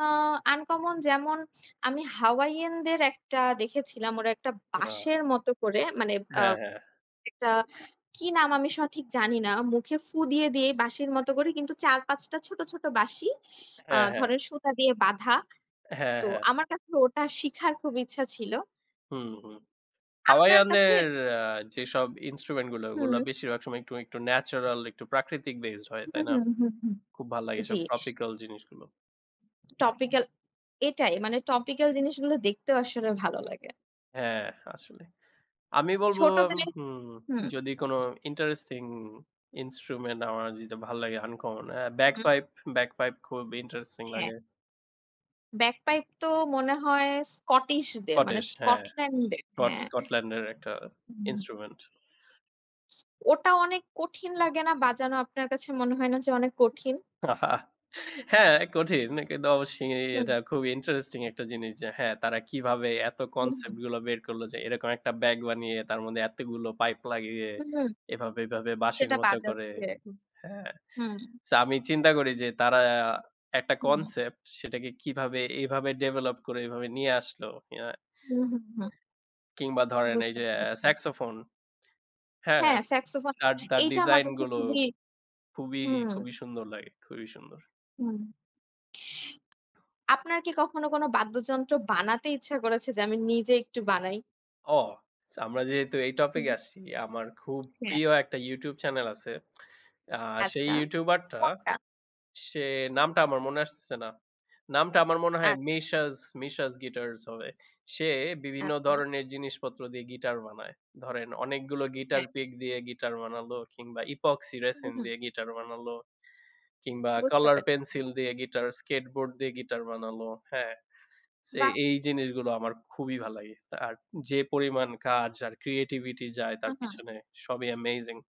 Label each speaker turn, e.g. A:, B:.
A: আ uncommon যেমন আমি হাওয়াইয়ানদের একটা দেখেছিলাম। ওরা একটা
B: উ, আ
A: বাঁশের মত করে, মানে, আ
B: হ্যাঁ, হ্যাঁ।
A: একটা কি নাম আমি সঠিক জানিনা। মুখে ফুঁ দিয়ে দিয়েই বাঁশির মত করে কিন্তু ৪,৫ টা ছোট, ছোট, বাঁশি, আ
B: হ্যাঁ, হ্যাঁ।
A: ধরেন সুতা দিয়ে বাঁধা।
B: হ্যাঁ,
A: তো
B: হ্যাঁ।
A: আমার কাছে ওটা শিখার খুব ইচ্ছা ছিল।
B: হুম, হুম।
A: আপনার কাছে
B: হাওয়াওয়ানের
A: এর
B: আ যেসব instrument গুলো ওগুলো
A: হুম।
B: বেশিরভাগ সময় একটু, একটু, natural, একটু প্রাকৃতিক based হয়,
A: হু,
B: তাই না?
A: হু, হুম।
B: খুব ভাল লাগে
A: জি।
B: এসব tropical জিনিসগুলো।
A: টপিক্যাল, এটাই মানে tropical জিনিসগুলো দেখতেও আসলে ভালো লাগে।
B: হ্যাঁ, আসলে। আমি বলব,
A: ছোটবেলায়,
B: হুম,
A: হুম,
B: যদি কোন interesting instrument আমার যেটা ভাল লাগে uncommon,
A: হুম।
B: bagpipe, bagpipe খুব interesting
A: হ্যাঁ।
B: লাগে।
A: bagpipe তো মনে হয় Scottishদের মানে
B: কটেশ হ্যাঁ।
A: Scotlandদের,
B: কট
A: হ্যাঁ।
B: Scotland-এর একটা
A: হুম।
B: instrument।
A: ওটা অনেক কঠিন লাগে না বাজানো? আপনার কাছে মনে হয় না যে, অনেক কঠিন?
B: হ্যাঁ, কঠিন। কিন্তু অবশ্যই
A: হুম।
B: এটা খুবই interesting একটা জিনিস যে, হ্যাঁ, তারা কিভাবে এত
A: হু,
B: concept
A: হুম।
B: গুলো বের করল যে, এরকম একটা bag বানিয়ে তার মধ্যে এতগুলো pipe লাগিয়ে
A: হু, হুম।
B: এভাবে, এভাবে, বাঁশির
A: সেটা
B: মতো করে।
A: বাজাচ্ছে।
B: উ হ্যাঁ।
A: হুম।
B: So আমি চিন্তা করি যে, তারা একটা
A: হুম।
B: concept সেটাকে কিভাবে এভাবে ডেভেলপ করে এভাবে নিয়ে আসলো? ইয়া
A: হু, হুম।
B: কিংবা ধরেন এই
A: বুঝতে
B: যে,
A: পারছি।
B: saxophone, হ্যাঁ,
A: হ্যাঁ, saxophone।
B: তার, তার,
A: এইটা আমার
B: design
A: কাছে
B: গুলো
A: খুবই
B: খুবই,
A: হুম।
B: খুবই, সুন্দর লাগে, খুবই সুন্দর।
A: হু, আপনার কি কখনো কোনো বাদ্যযন্ত্র বানাতে ইচ্ছা করেছে যে, আমি নিজে একটু বানাই?
B: ও! সো আমরা যেহেতু এই
A: হুম।
B: topic-এ আসছি, আমার খুব
A: হ্যাঁ।
B: প্রিয় একটা YouTube channel আছে। আ সেই
A: আচ্ছা।
B: YouTuber-টা, সে নামটা আমার মনে আসতেছে না। নামটা আমার মনে হয়
A: আচ্ছা।
B: Mishas, Mishas Guitars হবে। সে বিভিন্ন
A: আচ্ছা।
B: ধরনের জিনিসপত্র দিয়ে guitar বানায়। ধরেন অনেকগুলো guitar
A: হ্যাঁ।
B: pick দিয়ে guitar বানালো কিংবা epoxy
A: উ,
B: resin
A: হুম।
B: দিয়ে guitar বানালো। কিংবা
A: বুঝতে
B: color
A: পারছি।
B: pencil দিয়ে guitar, skateboard দিয়ে guitar বানালো। হ্যাঁ, ছে
A: বাহ!
B: এই জিনিসগুলো আমার খুবই ভাল লাগে। তার যে, পরিমাণ কাজ আর creativity যায়
A: হু,
B: তার
A: হুম।
B: পিছনে সবই amazing।